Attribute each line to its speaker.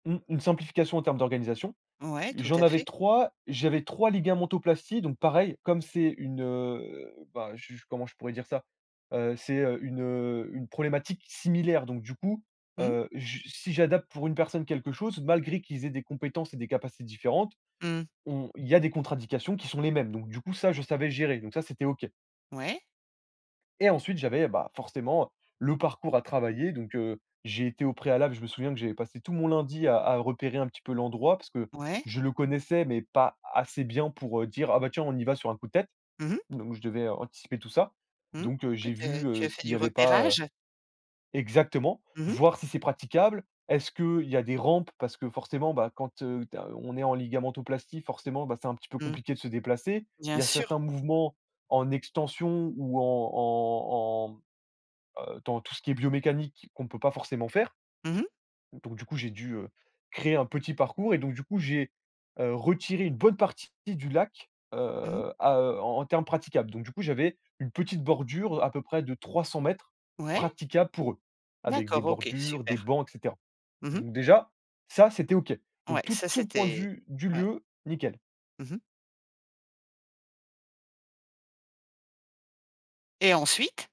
Speaker 1: Mmh. Une simplification en termes d'organisation.
Speaker 2: Ouais, tout
Speaker 1: J'en
Speaker 2: à
Speaker 1: avais
Speaker 2: fait.
Speaker 1: 3, j'avais 3 ligamentoplasties donc pareil, comme c'est une, heu, bah, je je comment je pourrais dire ça? Heu, c'est heu, une, heu, une problématique similaire, donc du coup,
Speaker 2: Mmh.
Speaker 1: heu, je si j'adapte pour une personne quelque chose, malgré qu'ils aient des compétences et des capacités différentes
Speaker 2: Mmh.
Speaker 1: on il y a des contre indications qui sont les mêmes. Donc du coup, ça, je savais gérer, donc ça, c'était OK
Speaker 2: Ouais.
Speaker 1: et ensuite, j'avais, bah, heu, forcément, le parcours à travailler. Donc heu, j'ai été au préalable je me souviens que j'avais passé tout mon lundi à à repérer un petit peu l'endroit parce que
Speaker 2: Ouais.
Speaker 1: je le connaissais mais pas assez bien pour, heu, dire: «Ah bah tiens, on y va sur un coup de tête».
Speaker 2: Mmh mh.
Speaker 1: Donc je devais anticiper tout ça. Donc heu,
Speaker 2: Ouais
Speaker 1: j'ai
Speaker 2: tu es
Speaker 1: vu,
Speaker 2: tu
Speaker 1: heu,
Speaker 2: as fait
Speaker 1: s'il
Speaker 2: du
Speaker 1: y avait pas, heu
Speaker 2: repérage?
Speaker 1: exactement,
Speaker 2: Mmh mh.
Speaker 1: voir si c'est praticable. Est-ce qu'il y a des rampes? Parce que forcément, bah, quand, heu, tu as, heu, on est en ligamentoplastie, forcément, ben, c'est un petit peu
Speaker 2: Mmh.
Speaker 1: compliqué de se déplacer.
Speaker 2: Bien
Speaker 1: Il y a certains
Speaker 2: sûr.
Speaker 1: mouvements en extension ou en en en, heu, dans tout ce qui est biomécanique qu'on peut pas forcément faire
Speaker 2: Mmh mh.
Speaker 1: donc du coup, j'ai dû, heu, créer un petit parcours et donc, du coup, j'ai, heu, retiré une bonne partie du lac,
Speaker 2: Mmh mh.
Speaker 1: heu, à heu, en en terme praticable. Donc, du coup, j'avais une petite bordure à peu près de 300 m
Speaker 2: Ouais.
Speaker 1: praticables pour eux, avec des
Speaker 2: D'accord, OK.
Speaker 1: bordures,
Speaker 2: Super.
Speaker 1: des bancs et cetera.
Speaker 2: Mmh mh.
Speaker 1: Donc déjà, ça c'était OK.
Speaker 2: Ouais,
Speaker 1: Donc tout
Speaker 2: ça,
Speaker 1: tout le point de
Speaker 2: c'était
Speaker 1: vue du
Speaker 2: ouais.
Speaker 1: lieu, nickel.
Speaker 2: Mmh mh. Et ensuite?